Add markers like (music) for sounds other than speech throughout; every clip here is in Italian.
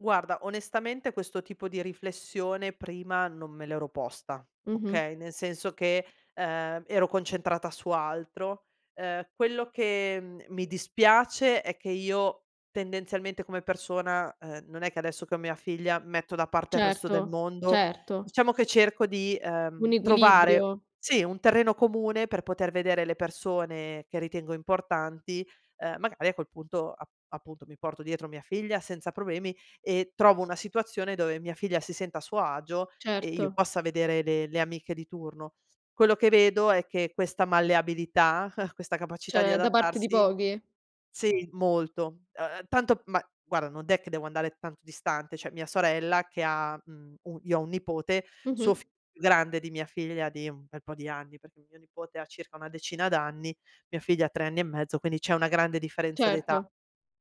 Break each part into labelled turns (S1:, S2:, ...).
S1: Guarda, onestamente questo tipo di riflessione prima non me l'ero posta,
S2: Mh-mh.
S1: okay, nel senso che, ehm, ero concentrata su altro. Ehm, quello che mi dispiace è che io tendenzialmente come persona, ehm, non è che adesso che ho mia figlia metto da parte il resto del
S2: Certo,
S1: mondo,
S2: certo.
S1: diciamo che cerco di, ehm,
S2: Un
S1: trovare,
S2: equilibrio.
S1: sì un terreno comune per poter vedere le persone che ritengo importanti, ehm, magari a quel punto ap-appunto mi porto dietro mia figlia senza problemi e trovo una situazione dove mia figlia si senta a suo agio e io
S2: Certo.
S1: possa vedere le le amiche di turno. Quello che vedo è che questa malleabilità, (chuckles) questa capacità di
S2: C'è da parte di
S1: adattarsi
S2: pochi.
S1: sì, molto ehm, tanto ma guarda, non è che devo andare tanto distante. Cioè, mia sorella che ha, mhmm, u io ho 1 nipote,
S2: Mh-mh.
S1: suo figlio è più grande di mia figlia di un bel po' di anni, perché mio nipote ha circa una decina d'anni, mia figlia ha 3 anni e mezzo, quindi c'è una grande differenza d'età.
S2: Certo.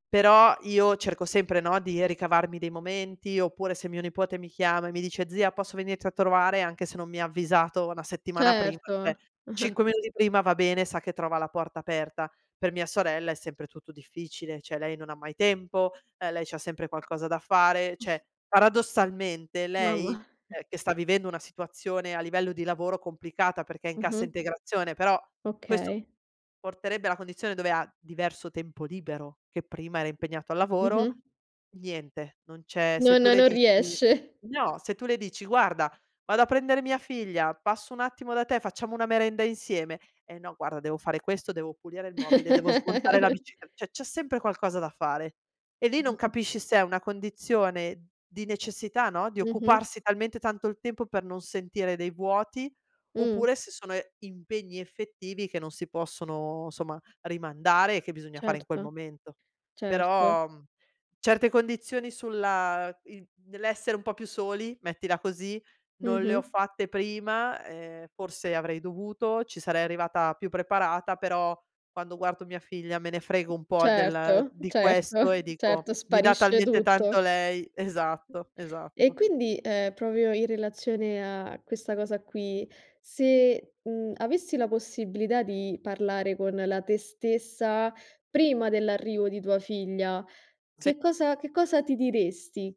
S1: Però io cerco sempre, no, di ricavarmi dei momenti oppure se mio nipote mi chiama e mi dice: "Zia posso venirti a trovare?", anche se non mi ha avvisato 1 settimana prima, cioè
S2: Certo. (chuckles)
S1: 5 minuti prima va bene, sa che trova la porta aperta. Per mia sorella è sempre tutto difficile, cioè, lei non ha mai tempo, e lei c'ha sempre qualcosa da fare,
S2: (chuckles)
S1: cioè, paradossalmente lei,
S2: Mamma. (chuckles)
S1: ehm, che sta vivendo una situazione a livello di lavoro complicata perché è in cassa
S2: Mh-mh.
S1: integrazione, però questo
S2: Okay.
S1: porterebbe alla condizione dove ha diverso tempo libero, che prima era impegnato al lavoro,
S2: Mh-mh.
S1: niente, non c'è se
S2: Non
S1: tu le
S2: non
S1: dici
S2: riesce.
S1: no, se tu le dici: "Guarda vado a prendere mia figlia, passo un attimo da te, facciamo una merenda insieme?" "Eh no, guarda, devo fare questo, devo pulire il mobile, devo smontare la bicicle"
S2: (giggles)
S1: c'è sempre qualcosa da fare. E lì non
S2: (chuckles)
S1: capisci se è una condizione di necessità, no, di
S2: Mh-mh.
S1: occuparsi talmente tanto il tempo per non sentire dei vuoti
S2: Mh.
S1: oppure se sono impegni effettivi che non si possono somma rimandare e che bisogna fare in quel
S2: Certo,
S1: momento.
S2: certo.
S1: Però certe condizioni sulla in nell'essere un po' più soli, mettila così, non le ho
S2: Mh-mh.
S1: fatte prima, ehm, forse avrei dovuto, ci sarei arrivata più preparata, però quando guardo mia figlia me ne frego un po' del
S2: Certo,
S1: di
S2: certo,
S1: questo e dico
S2: certo
S1: mi dà
S2: sparisce
S1: talmente tanto
S2: tutto.
S1: lei esatto,
S2: E
S1: esatto.
S2: quindi, ehm, proprio in relazione a questa cosa qui, se, mhmm, avessi la possibilità di parlare con la te stessa prima dell'arrivo di tua figlia,
S1: Sì.
S2: che cosa che cosa ti diresti?